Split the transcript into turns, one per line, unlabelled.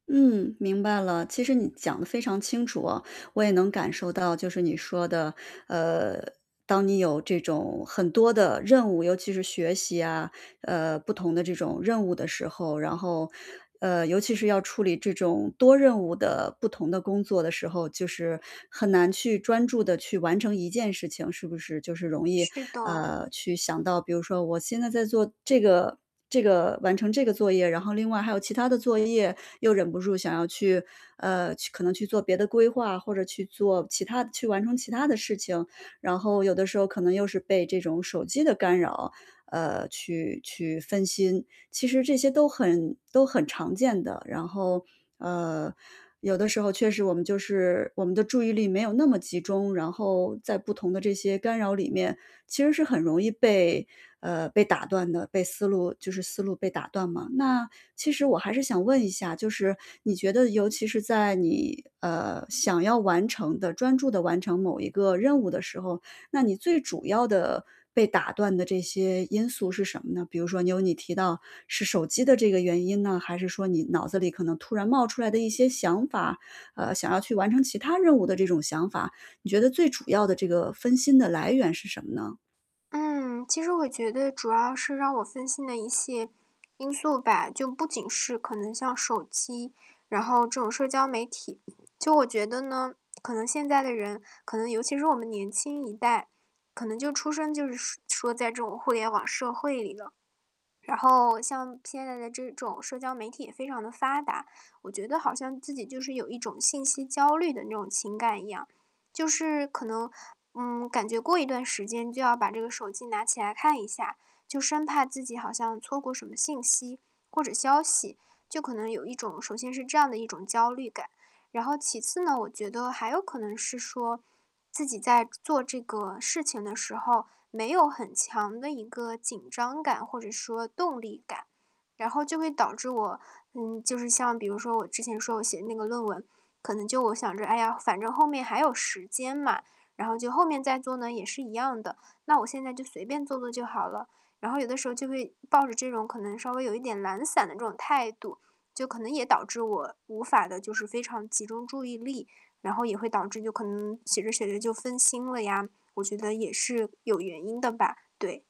嗯，明白了。其实你讲得非常清楚啊，我也能感受到就是你说的，呃，当你有这种很多的任务，尤其是学习啊，呃，不同的这种任务的时候。然后，呃，尤其是要处理这种多任务的不同的工作的时候，就是很难去专注地去完成一件事情，是不是？就是容易，
是的。
啊，去想到比如说我现在在做这个这个完成这个作业。然后另外还有其他的作业，又忍不住想要去，呃，去可能去做别的规划，或者去做其他的去完成其他的事情。然后有的时候可能又是被这种手机的干扰，呃，去去分心，其实这些都很都很常见的。然后，呃，有的时候确实我们就是我们的注意力没有那么集中，然后在不同的这些干扰里面，其实是很容易被呃，被打断的，被思路就是思路被打断嘛。那其实我还是想问一下，就是你觉得尤其是在你，呃，想要完成的专注地完成某一个任务的时候，那你最主要的，被打断的这些因素是什么呢？比如说你有你提到，是手机的这个原因呢？还是说你脑子里可能突然冒出来的一些想法呃，想要去完成其他任务的这种想法？你觉得最主要的这个分心的来源是什么呢？
嗯，其实我觉得主要是让我分心的一些因素吧，就不仅是可能像手机，然后这种社交媒体。就我觉得呢，可能现在的人可能尤其是我们年轻一代，可能就出生就是说在这种互联网社会里了。然后像现在的这种社交媒体也非常地发达，我觉得好像自己，就是有一种信息焦虑的那种情感一样，就是可能，嗯，感觉过一段时间就要把这个手机拿起来看一下，就生怕自己好像错过什么信息或者消息，就可能有一种首先是这样的一种焦虑感。然后其次呢，我觉得还有可能是说，自己在做这个事情的时候没有很强的一个紧张或者说动力感，然后就会导致我，嗯，就是像比如说我之前说我写那个论文，可能就我想着：“哎呀，反正后面还有时间嘛，然后就后面再做呢也是一样的，那我现在就随便做做就好了。“然后有的时候就会抱着这种可能稍微有一点懒散的这种态度，就可能也导致我无法地就是非常集中注意力，然后也会导致就可能写着写着就分心了呀，我觉得也是有原因的吧，对。